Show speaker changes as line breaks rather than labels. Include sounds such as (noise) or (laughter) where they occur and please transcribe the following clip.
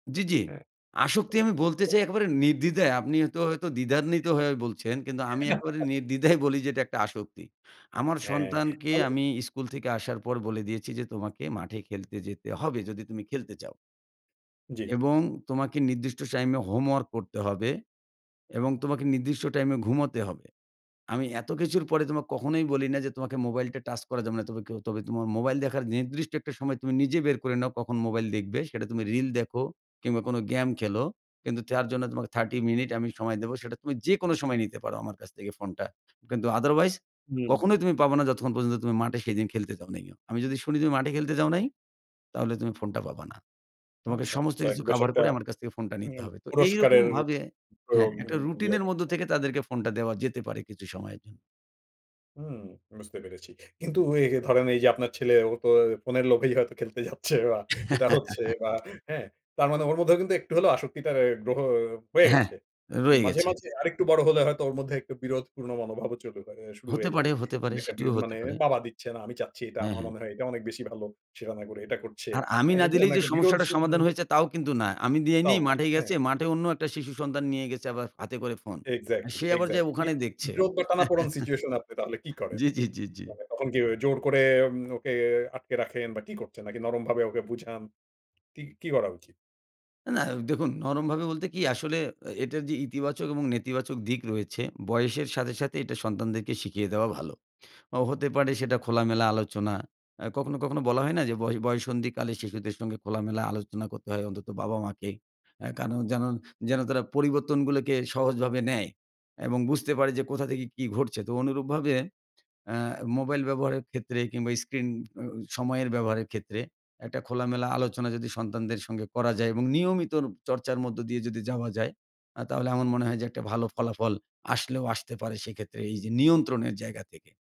জ্বি, জ্বি।
হ্যাঁ।
আসক্তি আমি বলতে চাই একেবারে নির্দ্বিধায়। আপনি এতো হয়তো দ্বিধান্বিত হয়ে বলছেন। কিন্তু আমি একেবারে
(chuckles)
নির্দ্বিধায় বলি যে, এটা একটা আসক্তি। আমার
হ্যাঁ,
সন্তানকে
তাহলে
আমি স্কুল থেকে আসার পর বলে দিয়েছি যে, "তোমাকে মাঠে খেলতে যেতে হবে, যদি তুমি খেলতে চাও।"
জ্বী।
"এবং তোমাকে নির্দিষ্ট টাইমে হোমওয়ার্ক করতে হবে। এবং তোমাকে নির্দিষ্ট টাইমে ঘুমাতে হবে। আমি এত কিছুর পরে তোমাকে কখনোই বলি না যে, তোমাকে মোবাইলটা টাচ করা যাবে না। তবে কেও তবে তোমার মোবাইল দেখার নির্দিষ্ট একটা সময় তুমি নিজে বের করে নাও, কখন মোবাইল দেখবে? সেটা তুমি রিল দেখো কিংবা কোনো গেম খেলো। কিন্তু তার জন্য তোমাকে 30 মিনিট আমি সময় দিবো। সেটা তুমি যেকোন সময় নিতে পারো, আমার কাছ থেকে ফোনটা। কিন্তু আদারওয়াইজ,
হুম।
কখনোই তুমি পাবা না, যতক্ষণ পর্যন্ত তুমি মাঠে সেদিন খেলতে যাও নাই (unintelligible) আমি যদি শুনি তুমি মাঠে খেলতে যাও নাই, তাহলে তুমি ফোনটা পাবা না। তোমাকে
আচ্ছা,
সমস্ত
সো এক
কিছু
বেশ
কাভার
একটা
করে, আমার কাছ থেকে ফোনটা নিতে
উম
হবে।" তো
পুরস্কারের
এইরকমভাবে হ্যাঁ,
প্রয়োগ, উম
একটা রুটিন
দিয়ে
এর মধ্য
রাখছেন।
থেকে তাদেরকে ফোনটা দেওয়া যেতে পারে, কিছু সময়ের জন্য।
হুম, বুঝতে পেরেছি। কিন্তু এ ধরেন এই যে, আপনার ছেলে, ও তো ফোনের লোভেই হয়তো খেলতে যাচ্ছে বা এটা হচ্ছে
(chuckles)
বা হ্যাঁ? তার মানে ওর মধ্যেও কিন্তু, একটু হলেও আসক্তিটা রে রহ হয়ে
হ্যাঁ।
গেছে।
রয়ে
মাঝে,
গেছে।
মাঝে আরেকটু বড় হলে হয়তো ওর মধ্যে একটু বিরোধপূর্ণ মনোভাবও চলে ব্যা মানে শুরু
হতে
হয়ে যাবে।
পারে, হতে পারে,
মানে একটা বি
সেটিও হতে
মানে,
পারে।
"বাবা দিচ্ছে না, আমি চাচ্ছি। এটা
হ্যাঁ,
আমার
হ্যাঁ।
মনে হয়, এটা অনেক বেশি ভালো" সেটা না করে এটা করছে।
আর আমি
হ্যাঁ?
না
এই
দিলেই
ধরনের
যে
একটা বিরোধ
সমস্যাটা
সি ন্যা
সমাধান হয়েছে, তাও কিন্তু না। আমি দিই
তাও
নেই,
না।
মাঠেই
হ্যাঁ।
গেছে, মাঠে অন্য একটা শিশু সন্তান নিয়ে গেছে আবার হাতে করে ফোন। আ
এক্সাক্টলি,
সে আবার যায়ে
এক্সাক্টলি। বি
ওখানে দেখছে।
বিরোধ বা টানাপোড়ন সিচুয়েশন এ, আপনি তাহলে কি
(chuckles)
করেন?
জ্বি, জ্বি, জ্বি, জ্বি।
মানে তখন কি জোর করে উম ওকে আটকে রাখেন বা কি করছেন? নাকি নরম ভাবে ওকে বুঝান? কি, কি করা উচিত?
না। দেখুন, নরমভাবে বলতে কি? আসলে এ এটার যে ইতিবাচক এবং নেতিবাচক দিক রয়েছে, বয়সের সাথে, সাথে এটা সন্তানদেরকে শিখিয়ে দেওয়া ভালো। অ হতে পারে সেটা খোলামেলা আলোচনা। অ্যা কখনো, কখনো বলা হয় না যে ব বয়ঃসন্ধিকালে শিশুদের সঙ্গে খোলামেলা আলোচনা করতে হয়, অন্তত বাবা-মাকে। অ্যা কারণ যেন যেন তারা পরিবর্তনগুলোকে সহজভাবে নেয় এবং বুঝতে পারে যে, কোথা থেকে কি ঘটছে? তো অনুরূপভাবে অ্যা মোবাইল ব্যবহারের ক্ষেত্রে কিংবা স্ক্রিন অ্যা অ সময়ের ব্যবহারের ক্ষেত্রে, একটা খোলামেলা আলোচনা যদি সন্তানদের সঙ্গে করা যায় এবং নিয়মিতর চর্চার মধ্য দিয়ে যদি যাওয়া যায়? আ তাহলে আমার মনে হয় যে, একটা ভালো ফলাফল আসলেও আসতে পারে সেক্ষেত্রে, এইযে নিয়ন্ত্রণের জায়গা থেকে।